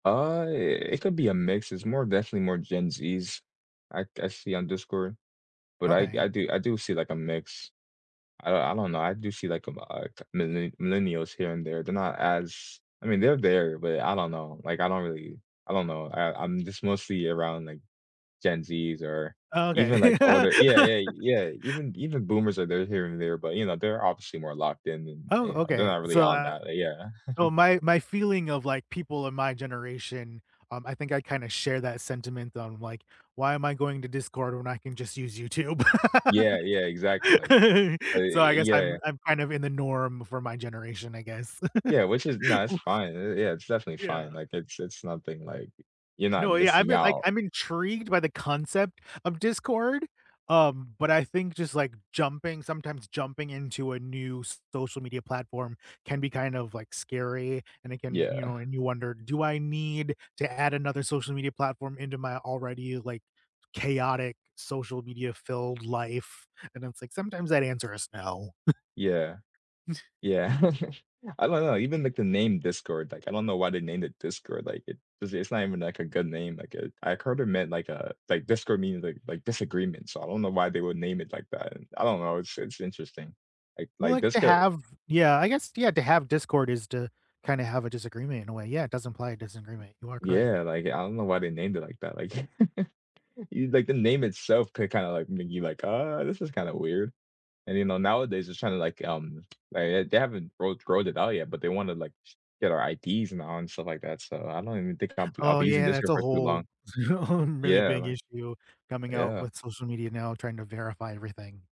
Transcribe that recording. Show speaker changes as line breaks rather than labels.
Uh, it could be a mix, it's more definitely more Gen Zs I c I see on Discord. But, I
Okay.
I do I do see, like, a mix. I I don't know, I do see, like, um, uh, c millenn millennials, here and there, they're not as I mean, they're there, but I don't know, like, I don't really, I don't know, I I'm just mostly around, like, Gen Zs or,
Oh,
even, like,
okay.
older yeah, yeah, yeah, even even boomers are there, here and there, but, you know, they're, obviously more locked in than
Oh,
and, they're
okay,
not really
so,
on
uh
that uh, yeah.
so, my my feeling of, like, people in my generation, um, I think I kinda share that sentiment on, like, "Why am I going to Discord when I can just use YouTube?"
Yeah, yeah, exactly, like
So,
li i
I guess
yeah.
I'm I'm kind of in the norm for my generation, I guess.
Yeah, which is nah, it's
Oof.
fine, i yeah, it's definitely fine,
Yeah.
like, it's it's nothing, like, you're not
No, yeah, I
missing
meant, like,
out.
I'm intrigued by the concept of Discord, um, but, I think just, like, jumping sometimes jumping into a new social media platform can be kind of, like, scary, and it can, you
Yeah.
know? And, you wondered, "Do I need to add another social media platform into my already," like, "chaotic, social media filled life?" And, it's, like, sometimes that answer is "No."
Yeah. Yeah, I don't know, even, like, the name "Discord", like, I don't know why they named it Discord, like, it 'cause it's not even, like, a good name, like, a I c heard it meant, like, uh like, discord means, like like "disagreement," so I don't know why they would name it like that, I don't know, it's it's interesting. Like
Well,
like,
like, to
Discor
have yeah, I guess yeah, to have "discord" is to, kind of have a disagreement, in a way, yeah, doesn't play, disagreement, you are
Yeah,
correct.
like, I don't know why they named it like that, like you like, the name, itself, could, kinda, like, make you, like, "Uh, this is kinda weird." And, you know, nowadays, it's trying to, like, um like, they they haven't rolled rolled it out yet, but they wanna, like, get our IDs and all, and stuff like that, so I don't even think I'll I'll
Oh,
be using
yeah, that's
Discord
a
for too
whole,
long.
um, really
Yeah,
big
like
issue coming out
yeah.
with social media now, trying to verify everything.